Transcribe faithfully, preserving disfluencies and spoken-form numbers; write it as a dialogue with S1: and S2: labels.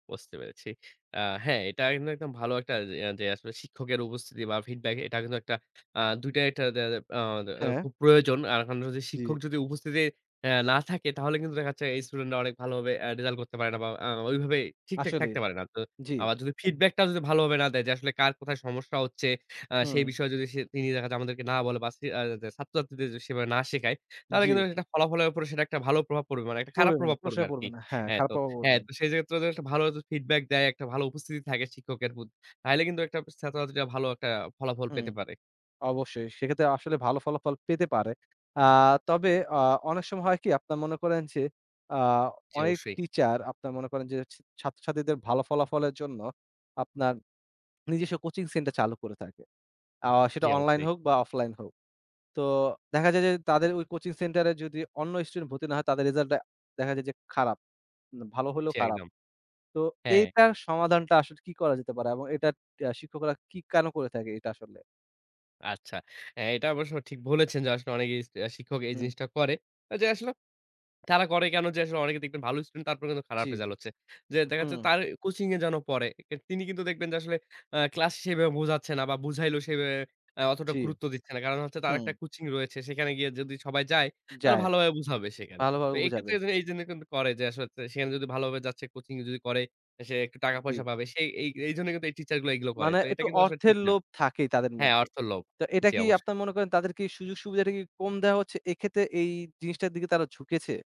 S1: বুঝতে পেরেছি। আ হ্যাঁ, এটা আ কিন্তু একদম ভালো একটা এ্যা যে শিক্ষকের উপস্থিতি বা ফিডব্যাক এটা কিন্তু একটা আ দুই টা একটা দেখা যায় আ দে
S2: হ্যাঁ।
S1: খুব প্রয়োজন আ এখন যদি,
S2: জি।
S1: শিক্ষক যদি উপস্থিতি আ না থাকে তাহলে কিন্তু দেখা যাচ্ছে এই স্টুডেন্ট রা অনেক ভালোভাবে আ রেজাল্ট করতে পারে না, বা আ ওইভাবে ঠিকঠাক
S2: আসলেই
S1: থাকতে পারে না। তো
S2: জি।
S1: আবার যদি ফিডব্যাক টাও যদি ভালো ভাবে না দেয় আসলে কার কোথায় সমস্যা হচ্ছে, আ সেই
S2: হুম।
S1: বিষয়ে যদি সে তিনি দেখা যে আমাদেরকে না বলে, বা সি আ ছাত্র-ছাত্রীদের সেভাবে না শিখায়, তাহলে কিন্তু
S2: জি।
S1: আসলে ফলাফলের উপরে সেটা একটা ভালো প্রভাব পড়বে। মানে একটা খারাপ
S2: পড়য়বে না।
S1: প্রভাব পড়বে
S2: প্রশয় পড়বে
S1: আরকি।
S2: না। হ্যাঁ,
S1: হ্যাঁ
S2: খারাপ
S1: তো,
S2: প্রভাব
S1: হ্যাঁ
S2: পড়বে।
S1: তো সেই যে ক্ষেত্রে একটা ভালো [unintelligible] ফিডব্যাক দেয়, একটা ভালো উপস্থিতি থাকে শিক্ষকের বুথ তাইলে কিন্তু একটা ছাত্র-ছাত্রীরা ভালো একটা ফলাফল
S2: হুম
S1: পেতে পারে।
S2: অবশ্যই। সেক্ষেত্রে আসলে ভাল ফলাফল পেতে পারে। আ তবে আ অনেক সময় হয় কি, আপনারা মনে করেন যে আ
S1: জি
S2: অনেক
S1: অবশ্যই।
S2: টিচার আপনারা মনে করেন যে, সে ছাত্র-ছাত্রীদের ভালো ফলাফলের জন্য আপনার নিজস্ব কোচিং সেন্টার চালু করে থাকে। আ সেটা
S1: জি
S2: অনলাইন
S1: অবশ্যই।
S2: হোক বা অফলাইন হোক। তো দেখা যায় যে তাদের ওই কোচিং সেন্টার এ যদি অন্য স্টুডেন্ট ভর্তি না হয় তাদের রেজাল্টটা, দেখা যায় যে খারাপ, উ ভালো হলেও
S1: জি
S2: খারাপ।
S1: একদম।
S2: তো
S1: হ্যাঁ
S2: এটার সমাধানটা আসলে কি করা যেতে পারে এবং এটার শিক্ষকরা কি কেনো করে থাকে এটা আসলে?
S1: আচ্ছা। আ এটা অবশ্য ঠিক বলেছেন, যে আসলে অনেকেই সে আ শিক্ষক এই
S2: হুম।
S1: জিনিসটা করে। যে আসলো তারা করে কেনো যে আসলে অনেকে দেখবেন ভালো স্টুডেন্ট তারপর কিন্তু খারাপ
S2: জি।
S1: রেজাল্ট হচ্ছে। যে দেখা যাচ্ছে
S2: হুম।
S1: তার কোচিং এ যেন পড়ে। তিনি কিন্তু দেখবেন যে আসলে আ ক্লাস সেভাবে বুঝাচ্ছে না বা বুঝাইলেও সেভাবে আ অতটা
S2: জি।
S1: গুরুত্ব দিচ্ছে না। কারণ হচ্ছে তার একটা
S2: হুম।
S1: কোচিং রয়েছে। সেখানে গিয়ে যদি, সবাই যায় তাহলে
S2: যায়।
S1: ভালোভাবে বুঝাবে সেখানে। তো
S2: ভালোভাবে
S1: এক্ষেত্রে
S2: বুঝাবে।
S1: এজন্য এইজন্য কিন্তু করে যে আসলে সেখানে যদি ভালোভাবে যাচ্ছে কোচিং যদি করে, সে একটু
S2: উ জি।
S1: টাকা-পয়সা পাবে। সে এই এইজন্যই কিন্তু এই টিচার গুলো এগুলো করে।
S2: মানে
S1: তো এটা
S2: একটু
S1: কিন্তু আসলে
S2: অর্থের
S1: ঠিক না।
S2: লোভ থাকেই তাদের
S1: হ্যাঁ
S2: মধ্যে।
S1: অর্থর লোভ
S2: তো এটা
S1: জী
S2: কি
S1: অবশ্যই।
S2: আপনারা মনে করেন তাদের কি সুযোগ-সুবিধাটা কি কম দেয়া হচ্ছে এক্ষেত্রে এই জিনিসটার দিকে তারা ঝুঁকেছে?